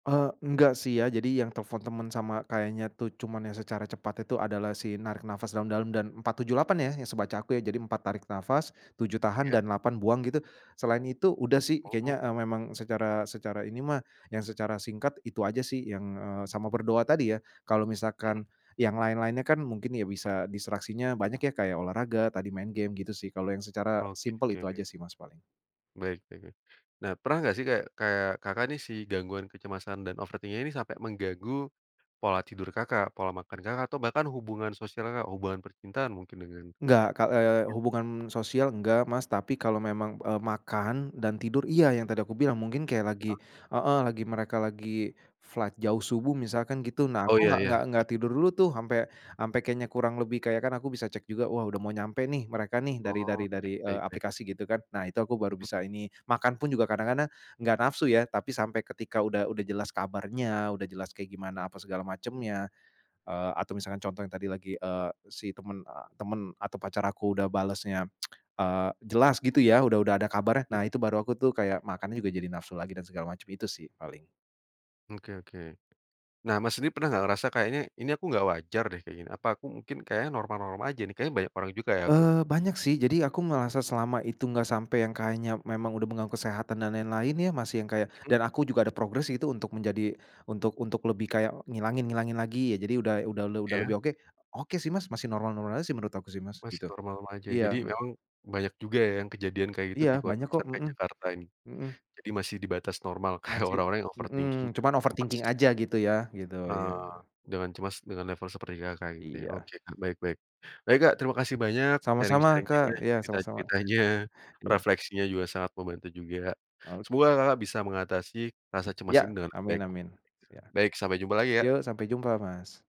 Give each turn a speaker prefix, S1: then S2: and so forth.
S1: Eee, enggak sih ya jadi yang telepon teman sama kayaknya tuh cuman yang secara cepat itu adalah si narik nafas dalam-dalam dan 4-7-8 ya yang sebaca aku ya jadi 4 tarik nafas, 7 tahan,
S2: Iya.
S1: dan 8 buang gitu. Selain itu udah sih
S2: Oh.
S1: kayaknya, eee, memang secara secara ini mah, yang secara singkat itu aja sih yang, eee, sama berdoa tadi ya, kalau
S2: Mhm.
S1: misalkan yang lain-lainnya kan mungkin ya bisa distraksinya banyak ya kayak olahraga tadi, main game, gitu sih kalau yang secara simpel
S2: Oke.
S1: itu aja sih, Mas, paling.
S2: Baik baik baik. Nah, pernah nggak sih kayak kayak, Kakak, nih si gangguan kecemasan dan overthink-nya ini sampai mengganggu pola tidur, Kakak, pola makan Kakak, atau bahkan hubungan sosial Kakak, hubungan percintaan mungkin dengan
S1: Nggak ka eee, hubungan sosial enggak, Mas, tapi kalau memang, eee, makan dan tidur, iya yang tadi kubilang mungkin kayak lagi
S2: [unintelligible]
S1: heeh, lagi mereka lagi flight jauh subuh misalkan gitu, nah
S2: Oh,
S1: kok
S2: ya
S1: enggak
S2: ya,
S1: enggak
S2: ya.
S1: enggak tidur dulu tuh sampe sampe kayaknya kurang lebih kayak kan aku bisa cek juga wah udah mau nyampe nih mereka nih dari dar
S2: Oh,
S1: dari, eee,
S2: baik baik.
S1: aplikasi gitu kan. Nah, itu aku baru
S2: Mhm.
S1: bisa ini. Makan pun juga kadang-kadang nggak nafsu ya tapi sampai ketika udah udah jelas kabarnya udah jelas kayak gimana apa segala macemnya, eee, atau misalkan contoh yang tadi lagi, eee, si temen, eee, temen atau pacar aku udah balesnya, eee, jelas gitu ya, udah udah ada kabarnya nah,
S2: Mmm.
S1: itu baru aku tuh kayak makan juga jadi nafsu lagi dan segala macam itu sih paling.
S2: Oke oke. Nah, Mas, sendiri pernah nggak ngerasa kayaknya, ini aku nggak wajar deh kayak gini, apa aku mungkin kayaknya normal-normal aja nih, kayaknya banyak orang juga kayak aku?
S1: Eee, banyak sih jadi aku ngerasa selama itu nggak sampai yang kayaknya memang udah mengganggu kesehatan dan lain-lain ya, masih yang kayak
S2: Mhm.
S1: dan aku juga ada progress itu untuk menjadi untuk untuk lebih kayak ngilangin-ngilangin lagi ya jadi udah udah udah
S2: Iya.
S1: lebih oke. Oke sih, Mas, masih normal-normal aja sih menurut aku sih, Mas,
S2: Masih
S1: gitu.
S2: normal-normal aja ya, jadi
S1: Iya mmm.
S2: memang banyak juga yang kejadian kayak gitu
S1: Iya
S2: di kota
S1: banyak kok,
S2: besar kayak
S1: mhm.
S2: Jakarta ini,
S1: Mhm.
S2: jadi masih di batas normal kayak
S1: Masih
S2: orang-orang yang overthinking
S1: mhm,
S2: [unintelligible]
S1: cuman
S2: ya, Mas
S1: overthinking aja gitu ya gitu, iya.
S2: Eee, dengan cemas dengan level seperti, Kakak, gitu ya?
S1: Iya.
S2: Oke, Kak, baik baik. Baik, Kak, terima kasih banyak
S1: Sama-sama, Kak,
S2: sharing-sharing-nya,
S1: iya sama-sama.
S2: cerita-ceritanya,
S1: iya.
S2: refleksinya juga sangat membantu juga,
S1: Oke.
S2: semoga, Kakak, bisa mengatasi rasa cemas
S1: Ya,
S2: ini dengan
S1: amin
S2: baik.
S1: amin, ya.
S2: Baik, sampai jumpa lagi, Kak!
S1: Yuk sampai jumpa, Mas!